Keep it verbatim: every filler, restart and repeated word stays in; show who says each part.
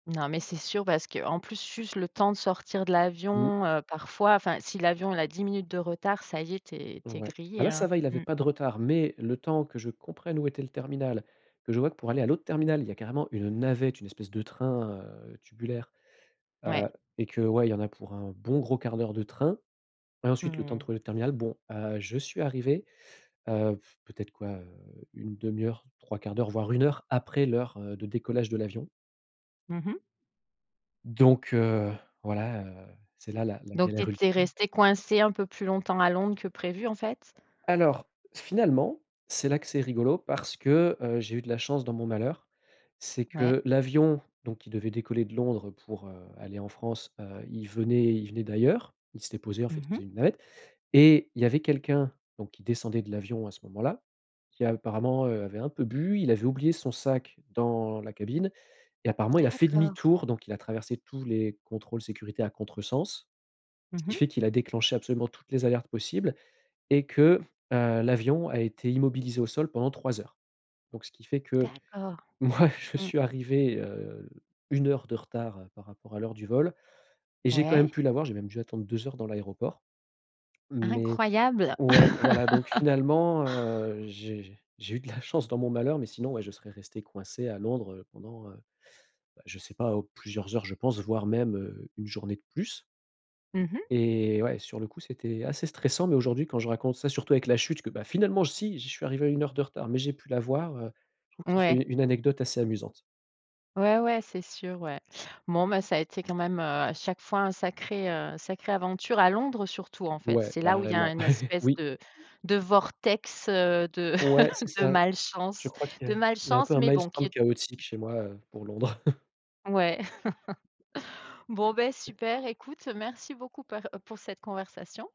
Speaker 1: Non, mais c'est sûr, parce qu'en plus, juste le temps de sortir de
Speaker 2: Mmh.
Speaker 1: l'avion, heu, parfois, enfin, si l'avion, il a dix minutes de retard, ça y est, tu es tu es
Speaker 2: Ouais. Bah,
Speaker 1: grillé,
Speaker 2: là,
Speaker 1: hein,
Speaker 2: ça va, il avait
Speaker 1: mmh.
Speaker 2: pas de retard, mais le temps que je comprenne où était le terminal, que je voie que pour aller à l'autre terminal, il y a carrément une navette, une espèce de train, heu, tubulaire,
Speaker 1: Ouais.
Speaker 2: heu, et que, ouais, il y en a pour un bon gros un quart d'heure de train. Et ensuite, le
Speaker 1: Mmh
Speaker 2: temps de
Speaker 1: mh.
Speaker 2: trouver l'autre terminal, bon, heu, je suis arrivé, heu, peut-être, quoi, une demi heure, trois quarts d'heure, voire une heure après l'heure, heu, de décollage de l'avion.
Speaker 1: Mmh mh.
Speaker 2: Donc, heu, voilà, heu, c'est là, la
Speaker 1: Donc, tu
Speaker 2: galère
Speaker 1: étais
Speaker 2: ultime.
Speaker 1: resté coincé un peu plus longtemps à Londres que prévu, en fait?
Speaker 2: Alors, finalement, c'est là que c'est rigolo, parce que, heu, j'ai eu de la chance dans mon malheur. C'est
Speaker 1: Ouais.
Speaker 2: que l'avion, donc, il devait décoller de Londres pour, heu, aller en France, heu, il venait il venait d'ailleurs. Il s'était posé, en fait,
Speaker 1: Mmh
Speaker 2: il
Speaker 1: mh.
Speaker 2: faisait une navette et il y avait quelqu'un, donc, qui descendait de l'avion à ce moment-là, qui, apparemment, heu, avait un peu bu, il avait oublié son sac dans la cabine et apparemment, il a fait
Speaker 1: D'accord.
Speaker 2: demi-tour, donc, il a traversé tous les contrôles sécurité à contresens,
Speaker 1: Mmh
Speaker 2: ce qui
Speaker 1: mh.
Speaker 2: fait qu'il a déclenché absolument toutes les alertes possibles et que, heu, l'avion a été immobilisé au sol pendant trois heures. Donc, ce qui fait que,
Speaker 1: D'accord.
Speaker 2: moi, je
Speaker 1: Mmh.
Speaker 2: suis arrivé, heu, une heure de retard par rapport à l'heure du vol et j'ai quand même
Speaker 1: Ouais.
Speaker 2: pu l'avoir, j'ai même dû attendre deux heures dans l'aéroport. Mais
Speaker 1: Incroyable!
Speaker 2: ouais, voilà, donc, finalement, heu, j'ai j'ai eu de la chance dans mon malheur, mais, sinon, ouais, je serais resté coincé à Londres, heu, pendant, heu, bah, je sais pas, oh, plusieurs heures, je pense, voire même, heu, une journée de plus.
Speaker 1: Mmh mh.
Speaker 2: Et ouais, sur le coup, c'était assez stressant, mais aujourd'hui quand je raconte ça, surtout avec la chute, que: «Bah, finalement, si! J'y suis arrivé à une heure de retard, mais j'ai pu l'avoir» heu, je trouve que c'est
Speaker 1: Ouais.
Speaker 2: une anecdote assez amusante.
Speaker 1: Ouais, ouais, c'est sûr, ouais. Bon, ben, ça a été quand même, heu, à chaque fois un sacré, heu, sacrée aventure à Londres, surtout, en fait.
Speaker 2: Ouais,
Speaker 1: C'est là où il y a
Speaker 2: carrément.
Speaker 1: un espèce
Speaker 2: Oui.
Speaker 1: de de vortex, heu, de
Speaker 2: Ouais, c'est
Speaker 1: de
Speaker 2: ça. Je
Speaker 1: malchance.
Speaker 2: crois
Speaker 1: De
Speaker 2: qu'il y a un peu
Speaker 1: malchance,
Speaker 2: un
Speaker 1: mais bon, qui
Speaker 2: maelstrom
Speaker 1: est
Speaker 2: chaotique chez moi, heu, pour Londres.
Speaker 1: Ouais. Bon, beh, super écoute, merci beaucoup par, heu, pour cette conversation.